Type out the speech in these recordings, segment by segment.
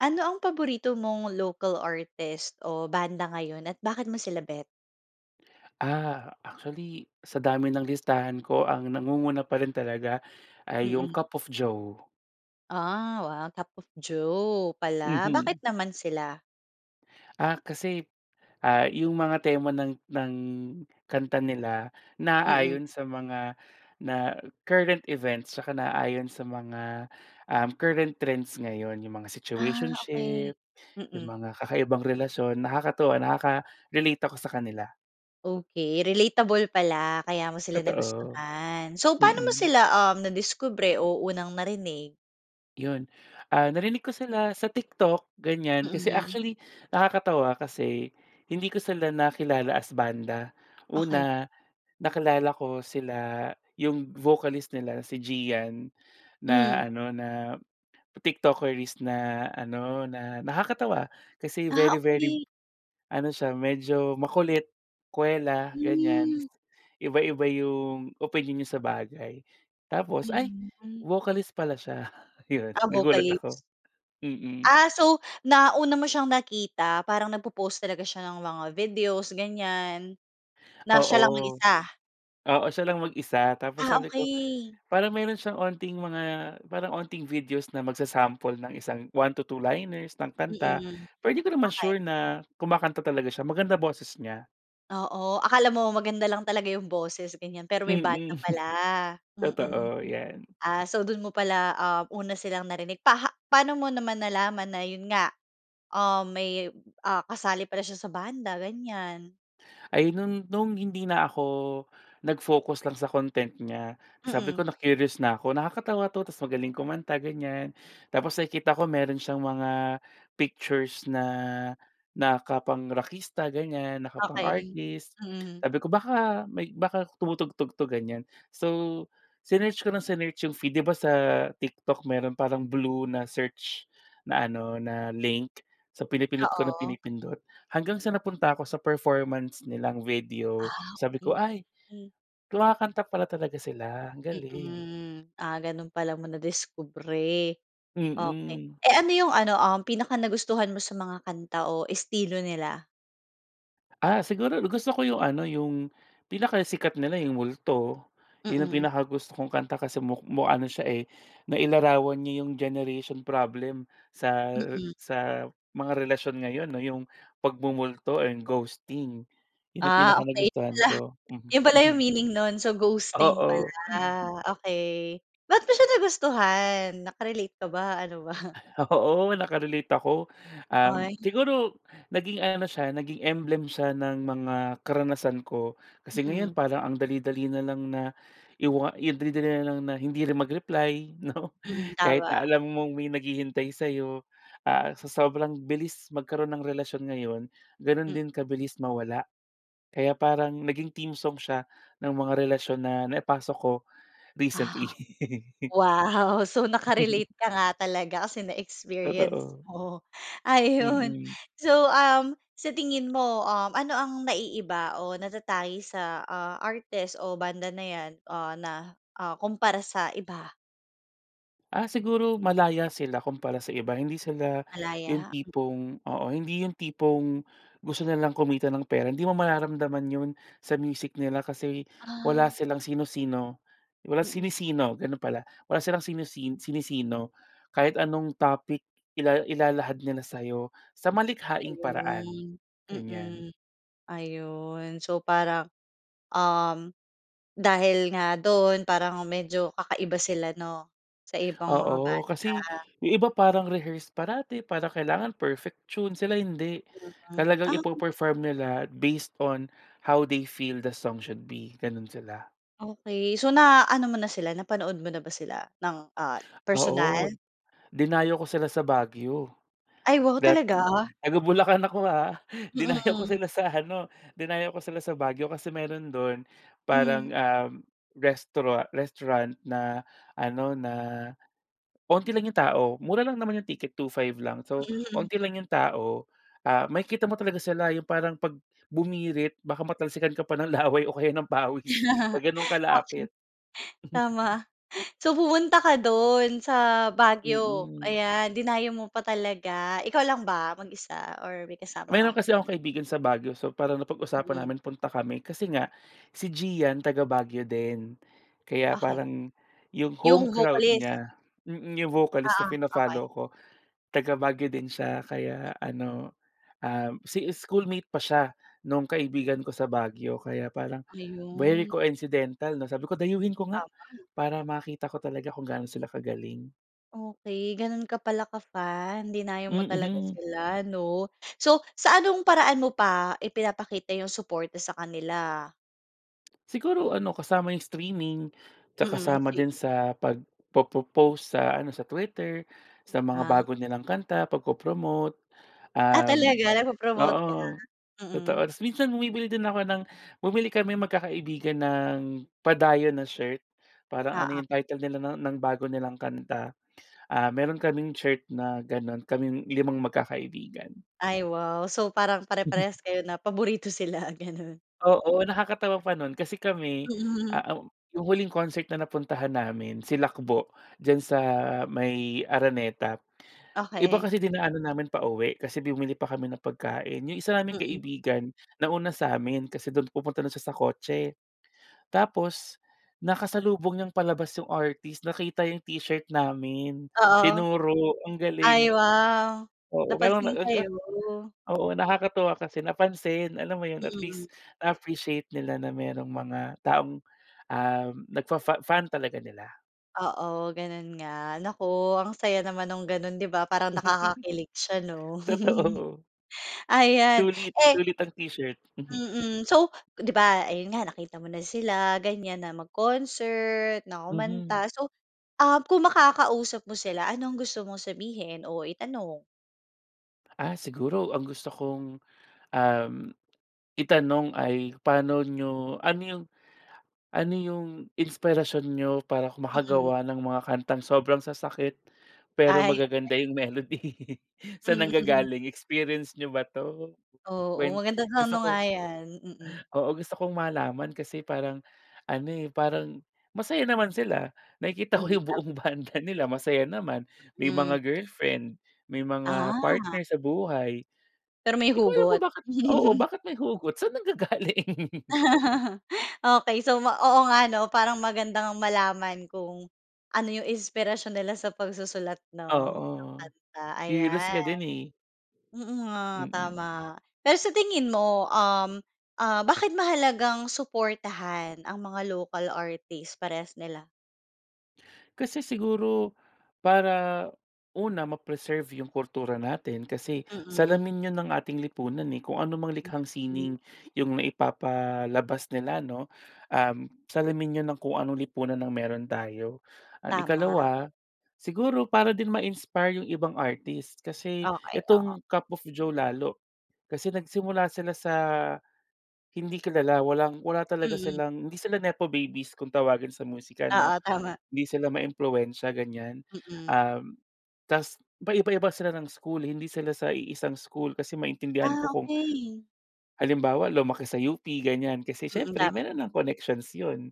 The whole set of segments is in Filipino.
Ano ang paborito mong local artist o banda ngayon at bakit mo sila bet? A actually sa dami ng listahan ko ang nangunguna pa rin talaga ay 'yong Mm. Cup of Joe. Ah, wow. Cup of Joe pala. Mhm. Bakit naman sila? Ah, kasi, ah, 'yong mga tema ng ng kanta nila Mm. naaayon sa mga na current events tsaka naayon sa mga, um, current trends ngayon, 'yong mga Ah, okey. situationship, 'yong Mm. mga kakaibang relasyon, nakakatuwa, nakaka-relate ako sa kanila. Okey. Relatable pala, kaya mo sila Totoo. nagustuhan. So paano mo Mm. sila, um, nadiskubre o unang narinig? 'Yon. Ah, narinig ko sila sa TikTok, ganiyan. Kasi Mhm. actually, nakakatawa kasi, hindi ko sila nakilala as banda. Okey. Una, nakilala ko sila 'yong vocalist nila, si Gian, na Mm. ano na TikTokerist na ano, na nakakatawa kasi Ah, very, very, okey. ano siya medyo makulit, kuwela ganiyan. Tas Hmm. iba-iba 'yong opinyon niya sa bagay. Tapos ay, Ayun, hmm. vocalist pala siya. 'Yon Ah, nagulat ako. vocalist. Mm. Ah, so, nauna mo siyang nakita parang nagpo-post talaga siya ng mga videos, ganiyan, na siya Oo. lang mag-isa? Oo, siya lang mag-isa tapos Ah, sabi ko okey. parang meron siyang onting mga, parang onting videos na magsa-sample ng isang 1-2 liners ng kanta, Mm. pero 'di ko naman Okey. sure na kumakanta talaga siya, maganda boses niya. Oo. Akala mo maganda lang talaga 'yong boses, ganyan pero may Mm. banda pala. Mm. Totoo, 'yan. Ah, so do'n mo pala, ah, una silang narinig. Paha paano mo naman nalaman na 'yon nga, um, may, ah, kasali pala siya sa banda, ganiyan? Ay no'n, nung hindi na ako, nag-focus lang sa content niya. Sabi Mm. ko na-curious na ako, nakakatawa 'to tapos magaling kumanta, ganiyan. Tapos nakikita ko meron siyang mga pictures na nakapang-rakista, ganiyan, Okey. nakapang-artist. Mm. Sabi ko baka may baka tumutugtog 'to, ganiyan. So, sinearch ko nang sinearch 'yong feed, 'di ba sa TikTok meron parang blue na search na ano, na link. So pinipindot ko nang Oo. pinipindot. Hanggang sa napunta ako sa performance nilang video Ah. sabi ko, Okey, "Ay, okey. kumakanta pala talaga sila." Ang galing. Mm. Ah, gano'n pala mo nadiskubre. Okey. Mm. Eh, ano 'yong ano, um, ang pinaka-nagustuhan mo sa mga kanta o estilo nila? Ah, siguro, gusto ko 'yong ano, 'yong pinakasikat nila, 'yong Multo. 'Yon ang Mm. pinakagusto kong kanta kasi muk mu ano siya, eh, nailarawan niya 'yong generation problem sa Mm. sa mga relasyon ngayon 'no, 'yong pagmumulto or ghosting. 'Yon ang Ah, okey. 'Yon pinakanagustuhan pala. ko. Mhm, 'Yon pala 'yong mhm. meaning no'n, so ghosting pala. Oo. Okey. Ba't mo siya nagustuhan? Nakarelate ka ba? Ano ba? Oo, naka-relate ako. Um, Ay. siguro naging ano siya, naging emblem siya ng mga karanasan ko. Kasi ngayon Mm. parang ang dali-dali na lang na iwa i ang dali-dali na lang na hindi rin mag-reply 'no, Mm, kahit na tama. alam mong may naghihintay sa'yo, ah, sa sobrang bilis magkaroon ng relasyon ngayon, gano'n Mm. din kabilis mawala. Kaya parang naging theme song siya ng mga relasyon na naipasok ko, Ah, recently. wow. So naka-relate ka nga talaga kasi na-experience Totoo. mo. Ayon, Mm. so, um, sa tingin mo, um, ano ang naiiba o natatangi sa, ah, artist o banda na yan, o na, ah, kompara sa iba? Ah, siguro malaya sila kumpara sa iba. Hindi sila 'yong Malaya. tipong, oo, hindi 'yong tipong gusto nilang kumita ng pera. Hindi mo mararamdaman 'yon sa music nila, kasi wala Ah. silang sino-sino. Wala Mm. sinisino, gano'n pala. Wala silang sinisin sinisino. Kahit anong topic ila ilahad nila sa'yo sa malikhaing paraan. Ayun. Ganyan. Mm. Ayun so parang, um, dahil nga do'n parang medyo kakaiba sila, 'no? Sa ibang mga Oo, banda. kasi 'yong iba parang rehearsed parati, para kailangan perfect tune. Sila hindi, Hmm, talagang um. ipe-perform nila based on how they feel the song should be. Gano'n sila. Okey. So na-ano mo na sila napanood mo na ba sila ng, ah, personal? Oo, dinayo ko sila sa Baguio, Ay, wow that talaga? taga-Bulacan ako ah. Dinayo ko Mm. sila sa ano dinayo ko sila sa Baguio. Kasi mayroon do'n Hmm. parang, um, restauran restaurant na ano, na onti lang 'yong tao. Mura lang naman 'yong ticket, two-five lang. So, Mhm. onti lang 'yong tao. Ah, makikita mo talaga sila 'yong parang 'pag bumirit baka matalsikan ka pa ng laway o kaya ng pawis sa gano'n Actually, kalapit. tama. So pumunta ka do'n sa Baguio? Mm. Ayan, dinayo mo pa talaga. Ikaw lang ba mag-isa or may kasama ka? Mayroon kasi akong kaibigan sa Baguio. So parang napag-usapan Mm. namin punta kami. Kasi nga si Gian taga-Baguio din. Kaya Okey. parang, 'yong home 'Yong crowd vocalist. niya, mm. 'Yong vocalist na Oo, okey. fina-follow ko. Taga-Baguio din siya kaya Hmm. ano, um, si schoolmate pa siya no'ng kaibigan ko sa Baguio. Kaya parang very Ayun. coincidental, 'no? Sabi ko dayuhin ko nga Tama. para makita ko talaga kung gaano sila kagaling. Okey gano'n ka pala ka-fan. Dinayo mo talaga Mhm. sila, 'no? So, sa anong paraan mo pa ipinapakita 'yong suporta sa kanila? Siguro ano, kasama yung streaming, tsaka Mm, kasama streaming. din sa pag-po-po-post sa ano, sa Twitter, sa mga Ah. bago nilang kanta, pagpo-promote, Ah, um talaga? Nagpo-promote ka? oo. Totoo. Mm. Tapos minsan bumibili din ako ng bumili kaming magkakaibigan ng, padayon na shirt. Parang ano Oo. yun, title nila no'n ng bago nilang kanta, ah, meron kaming shirt na gano'n. Kaming limang magkakaibigan. Ay, wow. So, parang pare-parehas kayo na paborito sila, ganun. Oo, nakakatawa pa no'n kasi kami, Mm. ah, um, 'yong huling concert na napuntahan namin, Silakbo, diyan sa may Araneta. Iba Okey. kasi dinaanan namin pauwi, kasi bumili pa kami ng pagkain. 'Yong isa naming Mm. kaibigan, nauna sa amin, kasi do'n pupunta na siya sa kotse. Tapos nakasalubong niyang palabas yung artist, nakita yung t-shirt namin, Oo. tinuro. Ang galing. Ay, wow. Oo, Napansin [unintelligible] kayo. Oo, nakakatuwa kasi napansin, alam mo yun, at Mm. least na-appreciate nila na merong mga taong, um, nag-fa-fa fan talaga nila. Oo, ganun nga. Naku, ang saya naman no'ng ganun, 'di ba? Parang nakakakilig siya 'no. Totoo. Ayan, Sulit. eh Sulit ang t-shirt. Mhm. Mm. So, 'di ba ayun nga, nakita mo na sila ganyan, na mag-concert, na Mhm. kumanta, so, ah, kung makakausap mo sila, ano ang gusto mong sabihin o itanong? Ah, siguro ang gusto kong, uhm, itanong ay, "Paano niyo, ano 'yung ano 'yung inspirasyon niyo para ku Mm. makagawa ng mga kantang sobrang sasakit, pero Ay. [unintelligible] magaganda 'yung melody. Sa'n Mm. nanggagaling, experience niyo ba 'to?" Oo, Kwen maganda sa gusto ano ko nga yan, mm. oo, gusto kong malaman kasi parang ano eh, parang masaya naman sila, nakikita ko Mm, 'yung tama buong banda nila masaya naman, may Hmm. mga girlfriend, may mga Ah. partner sa buhay, Pero, may di ko alam hugot. kung bakit oo bakit may hugot, saan nanggagaling? Okey, so ma oo nga 'no parang maganda ngang malaman kung ano 'yung inspirasyon nila sa pagsusulat 'no ng Oo, kanta, curious ayan. ka din eh. Oo nga, Mm. tama. Pero, sa tingin mo, uhm, ah bakit mahalagang suportahan ang mga local artist, parehas nila? Kasi siguro, para una, ma-preserve 'yung kultura natin kasi Mm. salamin iyon ng ating lipunan, eh kung ano mang Mm, likhang hmm. sining yung naipapalabas nila no, uhm, salamin 'yon ng kung anong lipunan ang meron tayo. And Tama. ikalawa, siguro para din ma-inspire 'yung ibang artist kasi Okey, oo. itong Cup of Joe lalo, kasi nagsimula sila sa hindi kilala, walang wala talaga Mm. silang, hindi sila nepo babies kung tawagin sa musika 'no. Oo, tama. Hindi sila maimpluwensya ganiyan, Mm. uhm, tas paiba-iba sila ng school, hindi sila sa iisang school, kasi maintindihan ko Ah, kung okey. halimbawa lumaki sa UP ganiyan, kasi Mm, siyempre tama. mayro'n ng connections 'yon,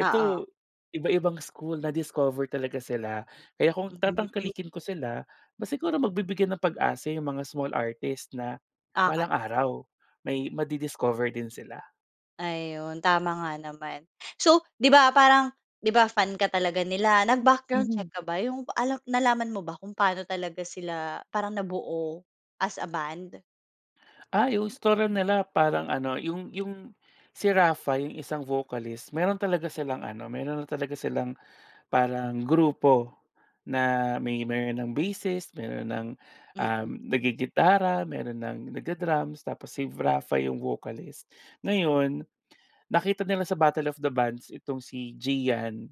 Oo. iba-ibang school na-discover talaga sila. Kaya kung Hmm. tatangkalikin ko sila, aba siguro mabibigyan ng pag-asa 'yong mga small artist na Okey. balang araw may ma-di-discover din sila. Ayun, tama nga naman. So, 'di ba parang 'di ba fan ka talaga nila, nag-background check Mhm. ka ba, 'yong alam nalaman mo ba kung paano talaga sila parang nabuo as a band? Ah, 'yong istorya nila parang ano, 'yong 'yong, si Rapha, 'yong isang vocalist, mayro'n talaga silang ano, mayro'n na talaga silang parang grupo na, may mayro'n ng bassist, mayro'n ng um, Mm. nag-gigitara, mayro'n ng nagda-drums, tapos si Rapha 'yong vocalist. Ngayon, nakita nila sa battle of the bands itong si Gian.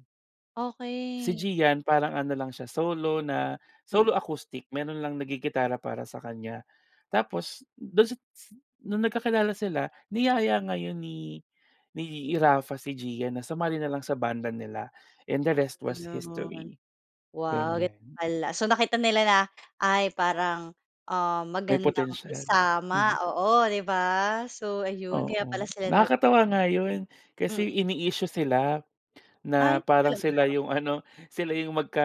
Si Okay. Gian, parang ano lang siya, solo na, Hmm. solo acoustic. Mayro'n lang nag-gigitara para sa kanya. Tapos, do'n si si no'ng nagkakilala sila, niyaya ngayon ni ni Rapha si Gian na sumali na lang sa banda nila. And the rest was Ayun. history. Wow, gano'n Ganyan. pala. So nakita nila na, ay parang, "ah, May magandang potential. isama", Mhm. oo, 'di ba? So ayun, kaya pala Oo. sila nabuo. Nakakatawa nga 'yon, Mm. kasi ini-issue sila. Na Ay. parang sila Talaga? 'yong ano, sila 'yong magka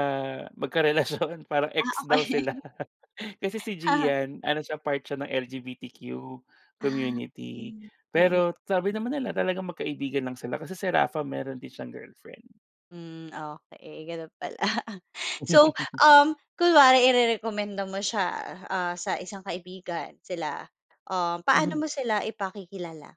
magka-relasyon. Parang Ah, ex daw okay. sila. Kasi si Gian, ano siya, part siya ng LGBTQ Ah, community. okay. Mm. Pero sabi naman nila na talagang magkaibigan lang sila. Kasi si Rapha, mayro'n din siyang girlfriend. Hmm, okay. Gano'n pala. So, um, kunwari irerekomenda mo siya, ah, ah, sa isang kaibigan, sila, um, paano Mhm. mo sila ipakikilala?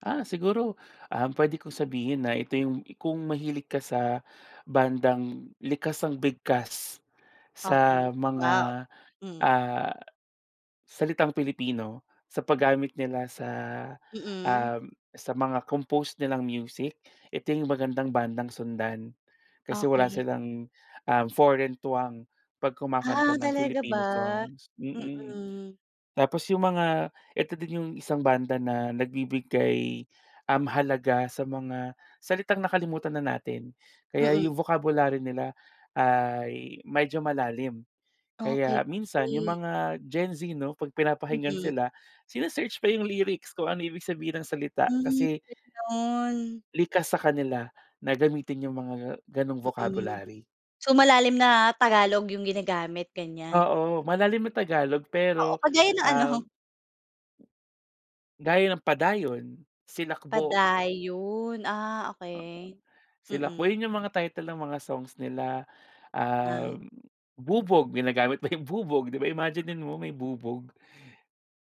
Ah, siguro, um, pwede ko sabihin na ito yung kung mahilig ka sa bandang likas ang bigkas sa Okey. Wow! mga, Hmm. ah, salitang Pilipino, sa paggamit nila sa, Mm. um, sa mga compose nilang music, ito yung magandang bandang sundan. Kasi wala Okey. silang, ah, foreign twang 'pag kumakanta Ah, ng talaga ba? Filipino songs. Mm. Mm. Tapos yung mga ito din yung isang banda na nagbibigay, um, halaga sa mga salitang nakalimutan na natin. Kaya Mm. yung vocabulary nila ay medyo malalim. Okey. Kaya minsan yung Hmm. mga GenZ 'no, 'pag pinapakinggan Mhm. sila, sine-search pa yung lyrics kung ano ibig sabihin ng salita, Hmm, kasi ganun. likas sa kanila na gamitin yung mga gano'ng Mm. vocabulary. So, malalim na Tagalog yung ginagamit, ganyan? Oo, malalim na Tagalog Oo, pero, kagaya ng ano? um Gaya ng Padayon, Silakbo. Padayon, ah, Oo. okey. Silakbo, Mm. yun yung mga title ng mga songs nila. Ah. Um, Bubog, ginagamit ba yung bubog, 'di ba, imaginin mo may bubog.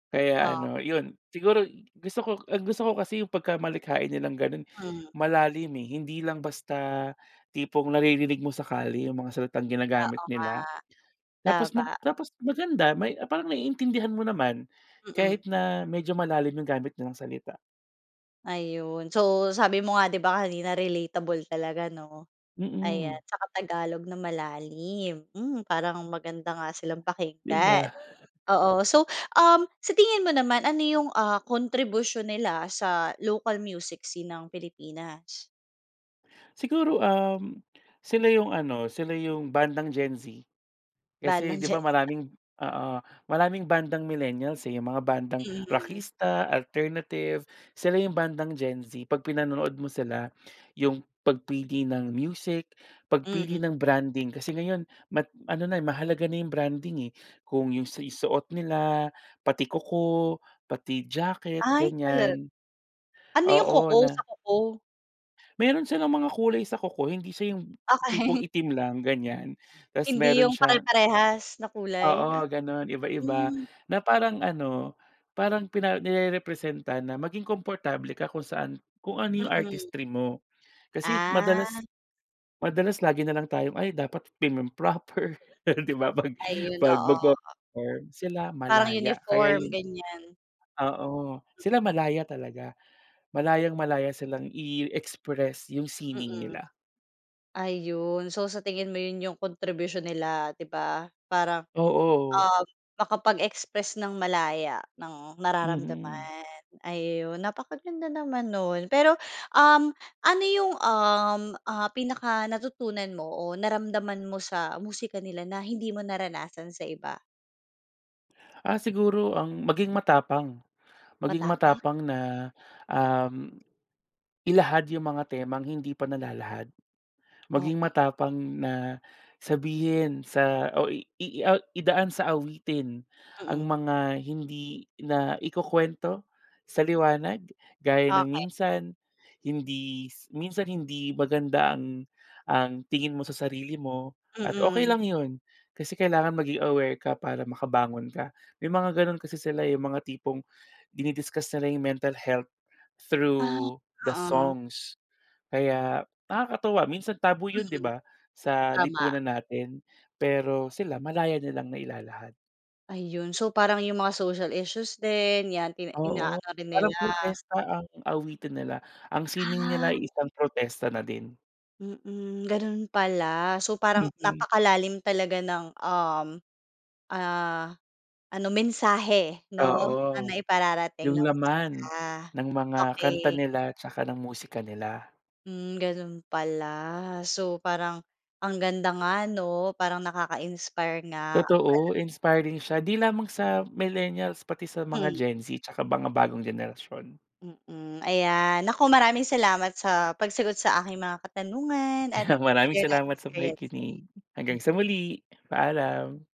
Kaya Oh. ano, yun, siguro gusto ko ang gusto ko kasi yung pagkamalikhain nilang ganun, Hmm. malalim, eh. Hindi lang basta tipong naririnig mo sa kalye yung mga salitang ginagamit Oo nga. nila. Tapos Tama. mag tapos maganda may parang naiintindihan mo naman, Mm. kahit na medyo malalim yung gamit nilang salita. Ayun. So, sabi mo nga, 'di ba, kanina relatable talaga, 'no? Ayan, Mm. tsaka Tagalog na malalim, hmm, parang maganda nga silang 'Di pakinggan. ba? Oo, so, um, sa tingin mo naman ano yung, ah, kontribusyon nila sa local music scene ng Pilipinas? Siguro, uhm, sila 'yong ano, sila 'yong bandang Gen Z. Kasi, Bandang 'di Gen ba, Z, ah. maraming oo. Maraming bandang millennials, eh, yung mga bandang Mhm. rakista, alternative, sila 'yong bandang Gen Z. Pag pinanonood mo sila 'yong pagpili ng music, Hmm. pagpili ng branding. Kasi ngayon mat ano na mahalaga na 'yong branding, eh. Kung 'yong si suot nila, pati kuko, pati jacket Ay talaga? ganyan. Ano yung Oo kuko, na sa kuko? Meron silang mga kulay sa kuko. Hindi siya yung tipong Okay. itim lang ganyan. Tas Hindi 'yong meron siya pare-parehas na kulay ya Oo, gano'n iba-iba. Hmm. Na parang ano, parang pina nirerepresenta na maging komportable ka kung saan kung ano 'yong Mm. artistry mo. Kasi Ah. madalas madalas lagi na lang tayong, "Ay, dapat timum proper." 'Di ba, 'pag Ayun, 'pag oo. magpe-perform, sila Parang malaya kaya uniform 'yon. ganyan. Oo. Sila malaya talaga. Malayang-malaya silang i-express yung sining Mm. nila. Ayun. So, sa tingin mo 'yon 'yong kontribusyon nila, 'di ba? Parang, Oo. um, makapag-express ng malaya, ng Mm. nararamdaman. Ayun, napakaganda naman no'n. Pero, um, ano yung, um, ah, pinaka-natutunan mo o naramdaman mo sa musika nila na hindi mo naranasan sa iba? Ah, siguro ang maging matapang, maging Matapang. matapang na, um, ilahad 'yong mga temang, hindi pa nalalahad. Maging Okey. matapang na, sabihin sa, o i i o idaan sa awitin, ang Mm. mga hindi naikukuwento, sa liwanag, gaya ng Okey. minsan, hindi minsan hindi maganda ang, ang tingin mo sa sarili mo, at okey Mm. lang 'yon, kasi kailangan maging aware ka para makabangon ka. May mga gano'n kasi sila eh, 'yong mga tipong, dini-discuss nila 'yong mental health, Ah,/ through the oo. songs. Kaya, nakakatuwa, minsan taboo 'yon 'di Mm, ba? Sa, tama. lipunan natin. Pero sila, malaya nilang nailalahad. Ayon, so, parang 'yong mga social issues din, yan pina Oo, inaano rin nila. parang protesta ang awitin nila. Ang sining nila Ah. ay isang protesta na din. Mm, gano'n pala, so parang, Mm. napakalalim talaga ng, um, ah, ano mensahe, 'no? Na Oo. naipararating 'Yong ng laman, musika, ng mga kanta okey. nila tsaka ng musika nila. Mm, gano'n pala, so parang, ang ganda nga 'no? Parang nakaka-inspire nga pala. Totoo, inspiring siya, 'di lamang sa millennials pati sa mga Hmm. Gen Z, tsaka mga bagong henerasyon. Mm, ayan, naku maraming salamat sa pagsagot sa aking mga katanungan, at Ayan, sa maraming pag-share ng salamat sa experiences. pakikinig, hanggang Hmm. sa muli, paalam.